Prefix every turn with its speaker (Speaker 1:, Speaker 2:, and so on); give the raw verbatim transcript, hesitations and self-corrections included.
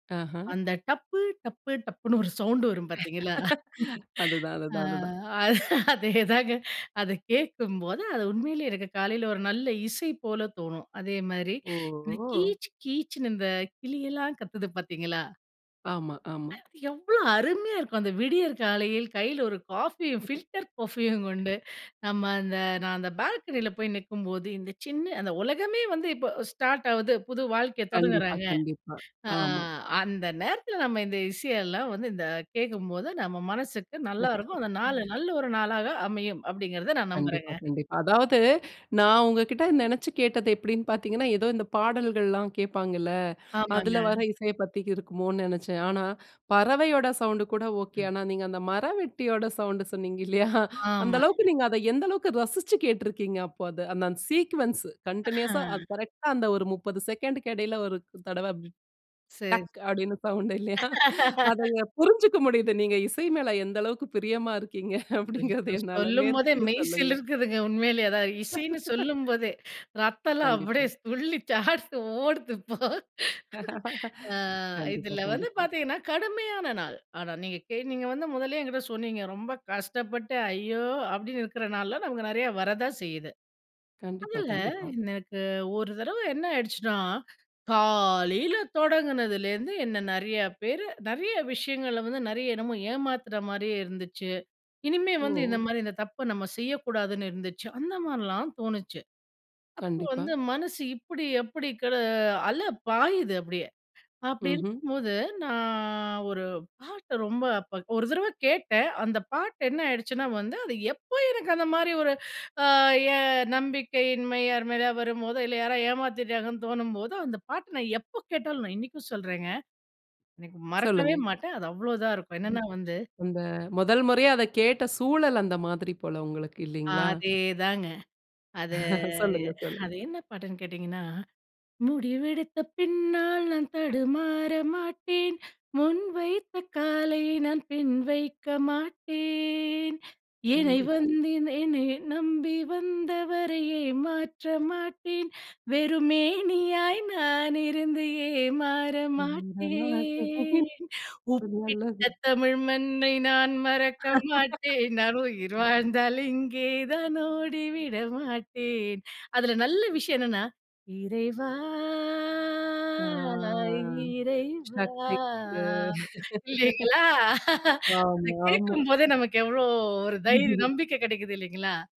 Speaker 1: ஆஹா.
Speaker 2: அந்த டப்பு டப்பு டப்புன்னு ஒரு சவுண்ட் வரும் பார்த்தீர்களா?
Speaker 1: அதுதான்
Speaker 2: ஆ,
Speaker 1: அதுதான் அதுதான்.
Speaker 2: அதேதாங்க. அத கேட்கும்போது அது உண்மையிலே எனக்கு காலைல ஒரு நல்ல இசை போல தோணும். அதே மாதிரி
Speaker 1: ஓஹோ!
Speaker 2: கீச் கீச்ன்னு இந்த கிளி எல்லாம் கத்துது பாத்தீங்களா?
Speaker 1: ஆமா, ஆமா.
Speaker 2: எவ்வளோ அருமையா இருக்கும். அந்த விடியற் காலையில் கையில ஒரு காஃபியும் ஃபில்டர் காஃபியும் கொண்டு நம்ம அந்த நான் அந்த பால்கனியில போய் நிற்கும்போது இந்த சின்ன அந்த உலகமே வந்து இப்ப ஸ்டார்ட் ஆவுது புது வாழ்க்கையை
Speaker 1: கண்டிப்பா,
Speaker 2: தொடங்குறாங்க
Speaker 1: கண்டிப்பா,
Speaker 2: ஆ
Speaker 1: ஆமா.
Speaker 2: அந்த நேரத்தில நம்ப இந்த இசையெல்லாம் வந்து இந்த கேட்கும்போது நம்ம மனசுக்கு நல்லாருக்கும். அந்த நாள் நல்ல ஒரு நாளாக அமையும் அப்டிங்கிறத, நான்
Speaker 1: கண்டிப்பா,
Speaker 2: நம்புறேங்க.
Speaker 1: கண்டிப்பா. அதாவது நான் உங்ககிட்ட நெனைச்சு கேட்டது எப்டின்னு பார்த்தீங்கன்னா, ஏதோ இந்த பாடல்கள்லாம் கேட்பாங்கல,
Speaker 2: ஆமாங்க.
Speaker 1: அதில வர இசைய பத்தி இருக்குமோன்னு நெனைச்சேன். ஆனா, பறவையோட சவுண்ட் கூட ஓகே
Speaker 2: ம்.
Speaker 1: ஆனா, நீங்க அந்த மரவெட்டியோட சவுண்ட் சொன்னீங்க இல்லையா, அந்த
Speaker 2: ஆமாங்க.
Speaker 1: அளவுக்கு நீங்க அத எந்த அளவுக்கு ரசிச்சு கேட்டிருக்கீங்க அப்போ அத. அந்த அந்த சீக்வென்ஸ் கன்டினியூஸ்ஸா அது
Speaker 2: ஆ.
Speaker 1: கரெக்ட்டா அந்த ஒரு முப்பது செகண்டுக்கு இடையில ஒரு தடவ
Speaker 2: சரி.
Speaker 1: டக் அப்டின்னு சவுண்ட் இல்லையா? அத [unintelligible] புரிஞ்சுக்க முடியுது. நீங்க இசை மேல எந்த அளவுக்கு பிரியமா இருக்கீங்க அப்டிங்கிறது
Speaker 2: ஐயோ!
Speaker 1: என்னால.
Speaker 2: சொல்லும் போதே
Speaker 1: மேற்கொண்டு சொல்லுங்க.
Speaker 2: மெய்சிலுர்க்குதுங்க உண்மையிலேயே, அதாவது இசைன்னு சொல்லும் போதே ரத்தம் எல்லாம்
Speaker 1: கண்டிப்பா.
Speaker 2: அப்டியே துள்ளி [unintelligible] ஓடுது இப்போ. ஆ
Speaker 1: கண்டிப்பா,
Speaker 2: இதுல வந்து
Speaker 1: கண்டிப்பா.
Speaker 2: பார்த்தீங்கன்னா, கடுமையான நாள். ஆனா நீங்க கே வந்து முதல்லயே என்கிட்ட சொன்னீங்க, ரொம்ப கஷ்டப்பட்டு அய்யோ! அப்டின்னு இருக்குற நாள்ல நமக்கு நெறைய வரத்தான் செய்யுது.
Speaker 1: கண்டிப்பா,
Speaker 2: அதில
Speaker 1: கண்டிப்பா.
Speaker 2: எனக்கு ஒரு தரவ என்ன ஆயிடுச்சுனா, காலையில தொடங்குனதுலேருந்து என்ன நெறைய பேர் நெறைய விஷயங்கள வந்து நெறைய என்னமோ ஏமாத்துற மாரியே இருந்துச்சு. இனிமே வந்து இந்த
Speaker 1: ஓ!
Speaker 2: மாரி இந்த தப்பு நம்ம செய்யக்கூடாதுன்னு இருந்துச்சு. அந்த மாதிரிலாம் தோணுச்சு. அப்போ,
Speaker 1: கண்டிப்பா.
Speaker 2: வந்து மனசு இப்டி, எப்டி கட அல பாயுது அப்டியே அப்டி
Speaker 1: ம்ஹ்ம்.
Speaker 2: இருக்கும்போது நான் ஒரு பாட்ட ரொம்ப அப்ப ஒரு தரவ கேட்டேன் அந்த பாட்டு என்ன ஆயிடுச்சுன்னா, வந்து அது எப்போ எனக்கு அந்த மாரி ஒரு ஆ என் நம்பிக்கையின்மை யார் மேலயா வரும்போதோ, இல்ல யாரோ ஏமாத்திட்டாங்கன்னு தோணும்போதோ, அந்த பாட்ட நான் எப்ப கேட்டாலும் நான் இன்னிக்கும் சொல்றேங்க இன்னைக்கு மறக்கவே
Speaker 1: சொல்லுங்க.
Speaker 2: மாட்டேன். அது அவ்வளோதான் இருக்கும். என்னன்னா வந்து
Speaker 1: அந்த முதல்முறையா அதக் கேட்ட சூழல் அந்த மாதிரி போல உங்களுக்கு இல்லைங்களா?
Speaker 2: அதேதாங்க அது,
Speaker 1: சொல்லுங்க, சொல்லுங்க.
Speaker 2: அது என்ன பாட்டுன்னு கேட்டீங்கன்னா, "முடிவெடுத்த பின்னால் நான் தடுமாற மாட்டேன். முன் வைத்த காலை நான் பின் வைக்க மாட்டேன். எனை
Speaker 1: கண்டிப்பா.
Speaker 2: வந்து எனை நம்பி வந்தவரை ஏமாற்ற மாட்டேன். வெறுமேனியாய் நான் இருந்தே ஏமாற
Speaker 1: [unintelligible] ரொம்ப
Speaker 2: மாட்டேன். உப்பிட்ட
Speaker 1: நல்லது.
Speaker 2: தமிழ் மண்ணை நான் மறக்க மாட்டேன். நான் உயிர் வாழ்ந்தாலும் இங்கே தான் ஓடி விட மாட்டேன்". அதுல நல்ல விஷயம் என்னனா, "இறைவா
Speaker 1: ஆ.
Speaker 2: [unintelligible] இறைவா"
Speaker 1: "சக்தி கொடு"
Speaker 2: இல்லைங்களா? அத
Speaker 1: ஆமா, ஆமா.
Speaker 2: கேட்கும் போதே நமக்கு எவ்வளோ ஒரு தைரியம் நம்பிக்கை கிடைக்குது இல்லைங்களா?